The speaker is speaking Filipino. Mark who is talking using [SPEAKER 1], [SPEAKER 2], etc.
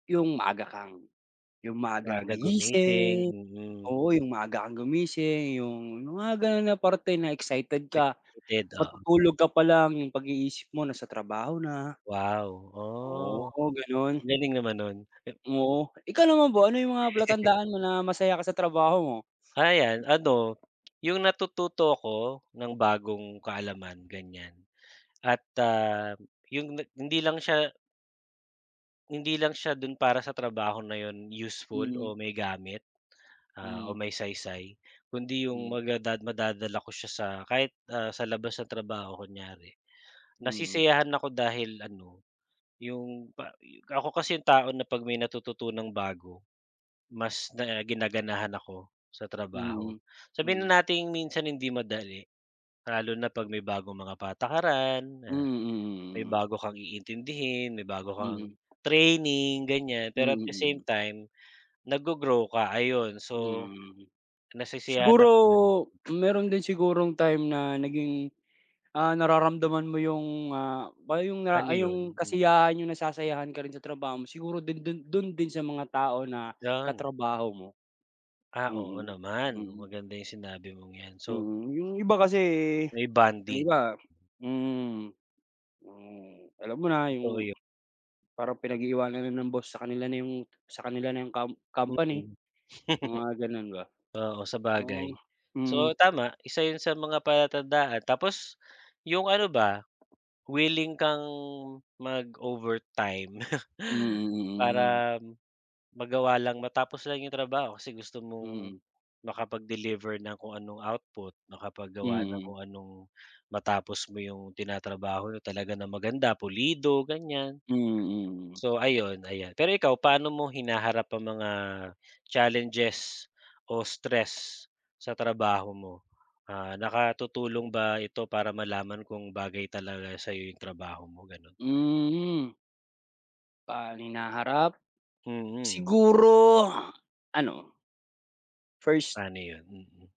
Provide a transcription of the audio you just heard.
[SPEAKER 1] Yung maaga kang yung maaga kang
[SPEAKER 2] Maaga gumising,
[SPEAKER 1] gigising,
[SPEAKER 2] mm.
[SPEAKER 1] oo, yung maaga kang gumising, yung mga gano'n na parte na excited ka.
[SPEAKER 2] [unintelligible] Oo.
[SPEAKER 1] Matutulog ka palang, yung pag-iisip mo nasa trabaho na.
[SPEAKER 2] Wow. Oh.
[SPEAKER 1] Oo, gano'n.
[SPEAKER 2] Galing naman no'n.
[SPEAKER 1] Oo. Ikaw naman ba? Ano yung mga palatandaan mo na masaya ka sa trabaho mo?
[SPEAKER 2] Ah, ayan ano, yung natututo ako ng bagong kaalaman ganyan at, ah, yung hindi lang siya hindi lang siya do'n para sa trabaho na yun useful
[SPEAKER 1] Hmm.
[SPEAKER 2] o may gamit, ah, o
[SPEAKER 1] Hmm.
[SPEAKER 2] may saysay, kundi yung
[SPEAKER 1] Hmm.
[SPEAKER 2] maga da madadala ko siya sa kahit, ah, sa labas ng trabaho kunyari.
[SPEAKER 1] Mm.
[SPEAKER 2] Nasisiyahan ako dahil ano, yung pa ako kasi yung tao na 'pag may natututunang bago, mas na ginaganahan ako sa trabaho.
[SPEAKER 1] Mm.
[SPEAKER 2] Sabihin
[SPEAKER 1] Mm.
[SPEAKER 2] na nating minsan hindi madali, lalo na 'pag may bagong mga patakaran
[SPEAKER 1] Mm,
[SPEAKER 2] na, may
[SPEAKER 1] mm, mm.
[SPEAKER 2] bago kang iintindihin, may bago kang
[SPEAKER 1] Mm.
[SPEAKER 2] training ganyan,
[SPEAKER 1] Mm,
[SPEAKER 2] pero at the same
[SPEAKER 1] mm.
[SPEAKER 2] time, naggo-grow ka, ayun. So,
[SPEAKER 1] Hmm.
[SPEAKER 2] nasisiyahan
[SPEAKER 1] Siguro,
[SPEAKER 2] ako sa gano'n.
[SPEAKER 1] meron din sigurong time na naging, ah, nararamdaman mo yung, ah, ba yung
[SPEAKER 2] Ano
[SPEAKER 1] ay
[SPEAKER 2] yun?
[SPEAKER 1] yung
[SPEAKER 2] Hmm.
[SPEAKER 1] kasiyahan, yung nasasayahan ka rin sa trabaho mo. Siguro do'n do'n do'n din sa mga tao na
[SPEAKER 2] Gan
[SPEAKER 1] katrabaho mo.
[SPEAKER 2] Ah, oo
[SPEAKER 1] Mm.
[SPEAKER 2] naman.
[SPEAKER 1] Mm.
[SPEAKER 2] Maganda yung sinabi mong 'yan. So
[SPEAKER 1] Mm, yung iba kasi
[SPEAKER 2] May
[SPEAKER 1] yung
[SPEAKER 2] bonding.
[SPEAKER 1] iba mm. Hmm. Alam mo na,
[SPEAKER 2] Totoo
[SPEAKER 1] yung,
[SPEAKER 2] yo
[SPEAKER 1] parang pinag-iiwanan na ng boss sa kanila na 'yong sa kanila na yung com company,
[SPEAKER 2] Mm.
[SPEAKER 1] mga gano'n ba.
[SPEAKER 2] Oo,
[SPEAKER 1] Oh.
[SPEAKER 2] sabagay.
[SPEAKER 1] Mm.
[SPEAKER 2] So, tama. Isa yun sa mga palatandaan tapos yung ano ba, willing kang mag-overtime.
[SPEAKER 1] Mm, mm, mm.
[SPEAKER 2] Para magawa lang, matapos lang 'yong trabaho kasi gusto mong
[SPEAKER 1] Mm.
[SPEAKER 2] makapag-deliver ng kung anong output, makapaggawa ng
[SPEAKER 1] Mm.
[SPEAKER 2] kung anong matapos mo yung tinatrabaho niya talaga ng maganda, pulido, ganyan.
[SPEAKER 1] Mm, mm.
[SPEAKER 2] So ayun, ayan. Pero ikaw, paano mo hinaharap ang mga, challenges o stress, sa trabaho mo? Ah, nakatutulong ba ito para malaman kung bagay talaga sa'yo yung trabaho mo, gano'n?
[SPEAKER 1] Hmm, hmm. Pan hinaharap.
[SPEAKER 2] Mm.
[SPEAKER 1] Siguro, ano First
[SPEAKER 2] Pa'no yun? Mm.